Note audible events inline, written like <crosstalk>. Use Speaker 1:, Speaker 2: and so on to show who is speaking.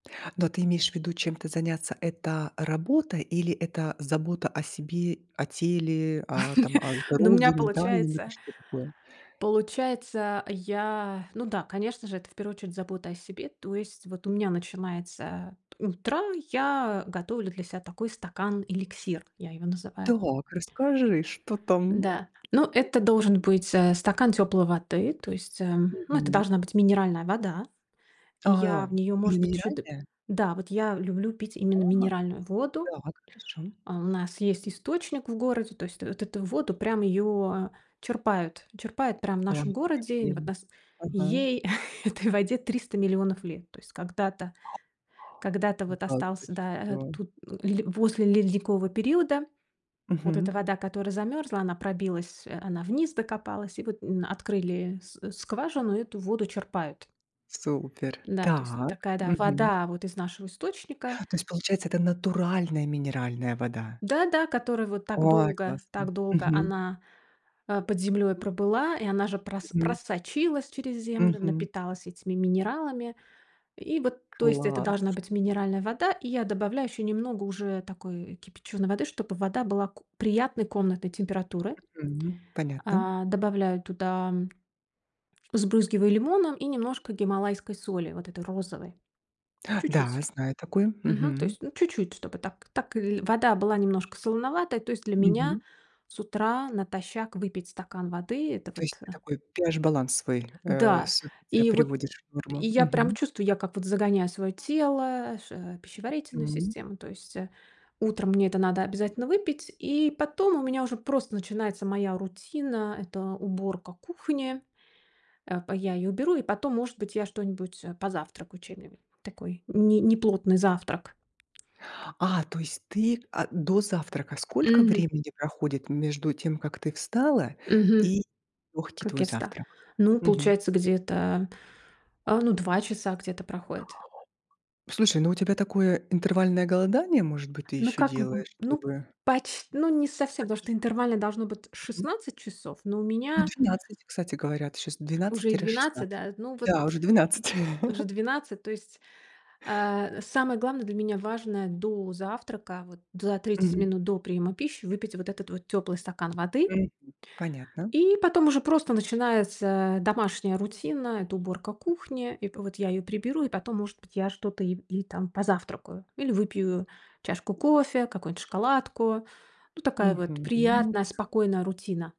Speaker 1: Но ты имеешь в виду чем-то заняться- это работа или это забота о себе, о теле, а, там
Speaker 2: <laughs>
Speaker 1: о
Speaker 2: Ну, у меня
Speaker 1: здоровье, ментальном или
Speaker 2: получается
Speaker 1: что-то такое?
Speaker 2: Получается, я ну да, конечно же, это в первую очередь забота о себе. То есть вот у меня начинается утро, я готовлю для себя такой стакан-эликсир, я его называю.
Speaker 1: Так, расскажи, что там н
Speaker 2: Да, ну, это должен быть, э, стакан тёплой воды. То есть, ам, ну, это
Speaker 1: Мгм.
Speaker 2: должна быть минеральная вода. И я
Speaker 1: А,
Speaker 2: в неё,
Speaker 1: именно
Speaker 2: может быть, чу дыб
Speaker 1: минеральная?
Speaker 2: Да, вот я люблю пить именно
Speaker 1: Ага.
Speaker 2: минеральную воду.
Speaker 1: Так хорошо.
Speaker 2: А, у нас есть источник в городе. То есть вот эту воду прям её черпают, черпают прям в нашем
Speaker 1: Ой, какая
Speaker 2: городе и на вот
Speaker 1: прелесть,
Speaker 2: нас
Speaker 1: ага.
Speaker 2: Ей, этой воде 300 000 000 лет. То есть когда-то когда-то вот
Speaker 1: Да ты
Speaker 2: остался, да, а
Speaker 1: что?
Speaker 2: тут н ле после ледникового периода вот эта
Speaker 1: Мгм.
Speaker 2: вода, которая замёрзла, она пробилась, э, она вниз докопалась. И вот н открыли с скважину, и эту воду черпают.
Speaker 1: Супер.
Speaker 2: Н-да, то есть
Speaker 1: Так.
Speaker 2: такая, да,
Speaker 1: Мгм.
Speaker 2: вода вот из нашего источника
Speaker 1: То есть, получается, это натуральная минеральная вода.
Speaker 2: Да да, которая вот так
Speaker 1: Ой,
Speaker 2: долго
Speaker 1: классно.
Speaker 2: так долго
Speaker 1: Мгм.
Speaker 2: она, а, под землей пробыла, и она же прас
Speaker 1: Мгм.
Speaker 2: просочилась через землю,
Speaker 1: Мгм.
Speaker 2: напиталась этими минералами. И вот, то есть это должна
Speaker 1: Класс.
Speaker 2: быть минеральная вода. И я добавляю еще немного уже такой кипяченой воды, чтобы и вода была ку приятной комнатной температуры.
Speaker 1: Мгм, понятно.
Speaker 2: А, добавляю туда, м Сбрызгиваю лимоном и немножко гималайской соли, вот этой розовой,
Speaker 1: Да,
Speaker 2: чуть-чуть.
Speaker 1: знаю такой.
Speaker 2: Мгм, то
Speaker 1: Мгм.
Speaker 2: есть, ну, чуть-чуть, чтобы так так ль вода была немножко солоноватой. То есть для меня
Speaker 1: Мгм.
Speaker 2: с утра натощак выпить стакан воды- это
Speaker 1: То
Speaker 2: вот,
Speaker 1: есть ты
Speaker 2: а
Speaker 1: такой pH-баланс свой, э,
Speaker 2: Да,
Speaker 1: с утреца
Speaker 2: и вот
Speaker 1: приводишь в
Speaker 2: и
Speaker 1: норму?
Speaker 2: я прям
Speaker 1: Мгм.
Speaker 2: чувствую, я как вот загоняю своё тело ш в пищеварительную
Speaker 1: Мгм.
Speaker 2: систему, то есть, э, утром мне это надо обязательно выпить, и потом у меня уже просто начинается моя рутина- это уборка кухни. А, по я её уберу, и потом, может быть, я что-нибудь, э, позавтракаю, <unintelligible> такой ни неплотный завтрак.
Speaker 1: А, то есть ты, а, до завтрака. Сколько
Speaker 2: Мгм.
Speaker 1: времени проходит между тем, как ты встала,
Speaker 2: Мгм.
Speaker 1: и лёгкий
Speaker 2: Как
Speaker 1: твой
Speaker 2: я вста
Speaker 1: завтрак?
Speaker 2: Ну и
Speaker 1: Мгм.
Speaker 2: получается, где-то, а, ну, 2 часа где-то проходит.
Speaker 1: Слушай, ну, у тебя такое интервальное голодание, может быть, ты
Speaker 2: Ну,
Speaker 1: ещё
Speaker 2: как, м м,
Speaker 1: делаешь,
Speaker 2: ну,
Speaker 1: чтобы
Speaker 2: пач ну, не совсем, потому что
Speaker 1: почиститься?
Speaker 2: интервально должно быть
Speaker 1: Мгм.
Speaker 2: 16 часов, но у
Speaker 1: Ну,
Speaker 2: меня
Speaker 1: 12, кстати говорят, щас двенадцать
Speaker 2: Уже и
Speaker 1: тире
Speaker 2: 12,
Speaker 1: шестнадцать.
Speaker 2: да. Ну вот.
Speaker 1: Да, уже 12.
Speaker 2: Уже
Speaker 1: <chuckles>
Speaker 2: 12, то есть. А, самое главное для меня, важное до завтрака, вот за 30
Speaker 1: Мгм.
Speaker 2: минут до приема пищи, выпить вот этот вот тёплый стакан воды.
Speaker 1: Мгм. Понятно.
Speaker 2: И потом уже просто начинается домашняя рутина- это уборка кухни. И по вот я её приберу, и потом, может быть, я что-то ип и там позавтракаю или выпью чашку кофе, какую-нибудь шоколадку. Ну, такая вот
Speaker 1: Мгм,
Speaker 2: приятная
Speaker 1: да.
Speaker 2: спокойная рутина.